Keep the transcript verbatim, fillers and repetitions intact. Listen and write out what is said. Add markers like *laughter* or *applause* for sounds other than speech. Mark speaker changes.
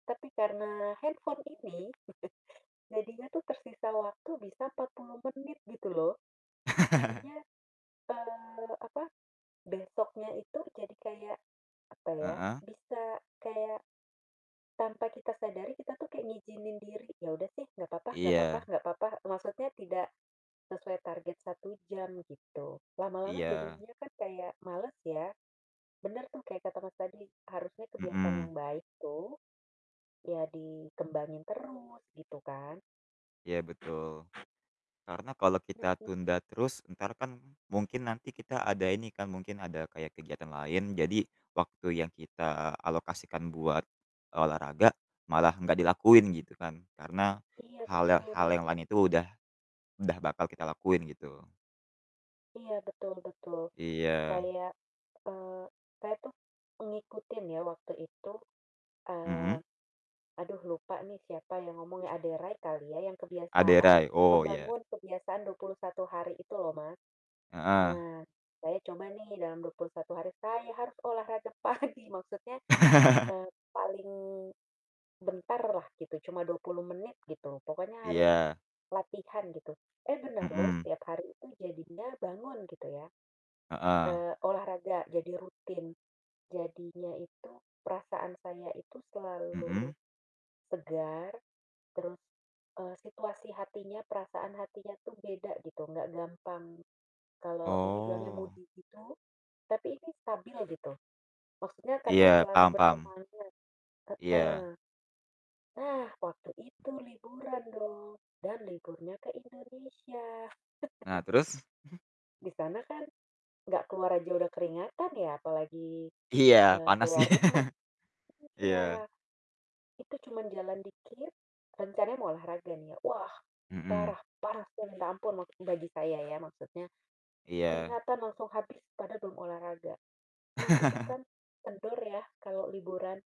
Speaker 1: Tapi karena handphone ini, *chuckles* jadinya tuh tersisa waktu bisa empat puluh menit gitu loh,
Speaker 2: *laughs*
Speaker 1: jadinya, eee, apa, besoknya itu jadi kayak, apa ya,
Speaker 2: Heeh.
Speaker 1: bisa kayak, tanpa kita sadari kita tuh kayak ngizinin diri, "Ya udah sih, gak papa gak papa
Speaker 2: Iya.
Speaker 1: gak papa," maksudnya tidak sesuai target satu jam gitu, lama-lama
Speaker 2: Iya.
Speaker 1: jadinya kan kayak males ya, bener tuh kayak kata Mas tadi, harusnya kebiasaan
Speaker 2: Mhm.
Speaker 1: yang baik tuh, ya dikembangin terus gitu kan.
Speaker 2: Iya betul, karena kalau kita
Speaker 1: Mhm.
Speaker 2: tunda terus entar kan mungkin nanti kita ada ini kan mungkin ada kayak kegiatan lain jadi waktu yang kita alokasikan buat, olahraga, malah gak dilakuin gitu kan karena,
Speaker 1: Iya
Speaker 2: hal yang hal
Speaker 1: betul.
Speaker 2: yang lain itu udah udah bakal kita lakuin gitu.
Speaker 1: Iya betul betul,
Speaker 2: Iya.
Speaker 1: kayak, eee, saya tuh ngikutin ya waktu itu, eee,
Speaker 2: Mhm.
Speaker 1: aduh lupa nih siapa yang ngomong ya, Ade Rai kali ya yang
Speaker 2: Ade
Speaker 1: kebiasaan
Speaker 2: Rai, oh, iya.
Speaker 1: membangun kebiasaan dua puluh satu hari itu loh Mas,
Speaker 2: Heeh.
Speaker 1: nah, saya coba nih dalam dua puluh satu hari saya harus olahraga pagi maksudnya,
Speaker 2: *laughs*
Speaker 1: eee, paling, bentar lah gitu cuma dua puluh menit gitu pokoknya harus,
Speaker 2: Iya.
Speaker 1: latihan gitu, eh, benar loh
Speaker 2: Mhm.
Speaker 1: setiap hari itu jadinya bangun gitu ya,
Speaker 2: Heeh.
Speaker 1: eee, olahraga jadi rutin, jadinya itu perasaan saya itu selalu,
Speaker 2: Mhm.
Speaker 1: segar, terus, eee, situasi hatinya, perasaan hatinya tuh beda gitu nggak gampang kalau ini bilangnya
Speaker 2: Oh.
Speaker 1: moody gitu, tapi ini stabil gitu, maksudnya karena
Speaker 2: Iya
Speaker 1: selalu
Speaker 2: paham paham.
Speaker 1: bersemangat,
Speaker 2: Iya.
Speaker 1: heeh, nah waktu itu liburan dong, dan liburnya ke Indonesia.
Speaker 2: Nah
Speaker 1: *chuckles*
Speaker 2: terus? *chuckles*
Speaker 1: Di sana kan, gak keluar aja udah keringatan ya apalagi,
Speaker 2: Iya
Speaker 1: eee,
Speaker 2: panas,
Speaker 1: keluar rumah.
Speaker 2: *laughs* iya.
Speaker 1: Iya, itu cuman jalan dikit, rencananya mau olahraga nih ya wah,
Speaker 2: Mhm.
Speaker 1: parah parahnya saya minta ampun bagi saya ya maksudnya,
Speaker 2: Iya.
Speaker 1: keringatan langsung habis padahal belum olahraga, nah itu
Speaker 2: *laughs*
Speaker 1: kan, kendor ya kalau liburan.